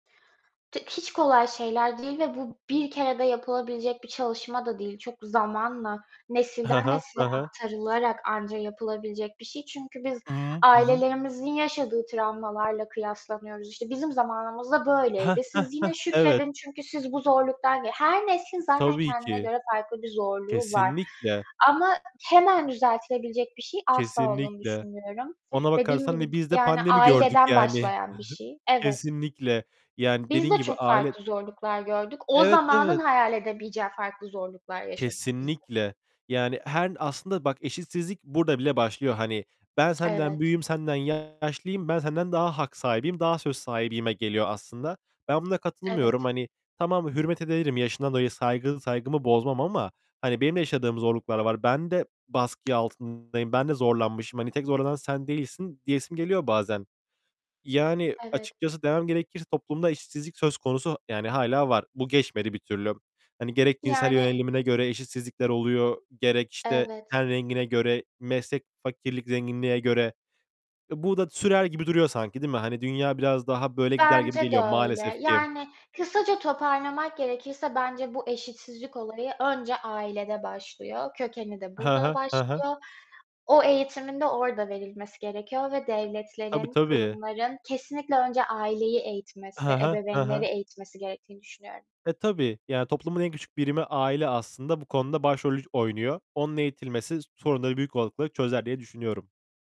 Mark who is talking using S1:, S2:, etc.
S1: T hiç kolay şeyler değil ve bu bir kerede yapılabilecek bir çalışma da değil. Çok zamanla,
S2: He
S1: nesilden
S2: he. He
S1: nesile
S2: he.
S1: aktarılarak anca yapılabilecek bir şey. Çünkü biz
S2: Hı hı. Hı hı.
S1: ailelerimizin yaşadığı travmalarla kıyaslanıyoruz. İşte, "Bizim zamanımızda
S2: Heh,
S1: böyleydi.
S2: heh,
S1: Siz
S2: heh,
S1: yine
S2: evet.
S1: şükredin çünkü siz bu zorluktan" Her neslin zaten
S2: Tabii
S1: kendine
S2: ki.
S1: göre farklı bir zorluğu var
S2: Kesinlikle.
S1: ama hemen düzeltilebilecek bir şey asla olduğunu
S2: Kesinlikle.
S1: düşünmüyorum.
S2: Ona
S1: Dediğim
S2: bakarsan da
S1: gibi,
S2: biz de
S1: yani,
S2: pandemi gördük
S1: aileden
S2: yani.
S1: başlayan bir şey. Evet.
S2: Kesinlikle. Yani
S1: Biz
S2: dediğin
S1: de
S2: gibi
S1: çok
S2: aile
S1: farklı zorluklar gördük. O
S2: Evet,
S1: zamanın
S2: evet.
S1: hayal edemeyeceği farklı zorluklar yaşadık biz de.
S2: Kesinlikle. Yani her aslında bak, eşitsizlik burada bile başlıyor hani. Ben senden
S1: Evet.
S2: büyüğüm, senden yaşlıyım, ben senden daha hak sahibiyim, daha söz sahibiyime geliyor aslında. Ben buna katılmıyorum.
S1: Evet.
S2: Hani, tamam hürmet ederim yaşından dolayı saygı saygımı bozmam ama, hani benim de yaşadığım zorluklar var. Ben de baskı altındayım, ben de zorlanmışım. Hani, "Tek zorlanan sen değilsin." diyesim geliyor bazen. Yani,
S1: Evet.
S2: açıkçası demem gerekirse toplumda eşitsizlik söz konusu, yani hâlâ var. Bu geçmedi bir türlü. Hani, gerek cinsel
S1: Yani
S2: yönelimine göre eşitsizlikler oluyor, gerek işte,
S1: Evet.
S2: ten rengine göre, meslek, fakirlik, zenginliğe göre. E, bu da sürer gibi duruyor sanki, değil mi? Hani, dünya biraz daha böyle gider gibi
S1: Bence de
S2: geliyor maalesef
S1: öyle.
S2: ki.
S1: Yani, kısaca toparlamak gerekirse bence bu eşitsizlik olayı önce ailede başlıyor, kökeni de
S2: He
S1: burada
S2: he. He he.
S1: başlıyor. O eğitimin de orada verilmesi gerekiyor ve
S2: Tabii,
S1: devletlerin,
S2: tabii.
S1: kurumların kesinlikle önce aileyi
S2: He
S1: eğitmesi,
S2: he. He he.
S1: ebeveynleri eğitmesi gerektiğini düşünüyorum.
S2: E, tabii. Yani, toplumun en küçük birimi aile aslında bu konuda başrolü oynuyor. Onun eğitilmesi sorunları büyük olasılıkla çözer diye düşünüyorum.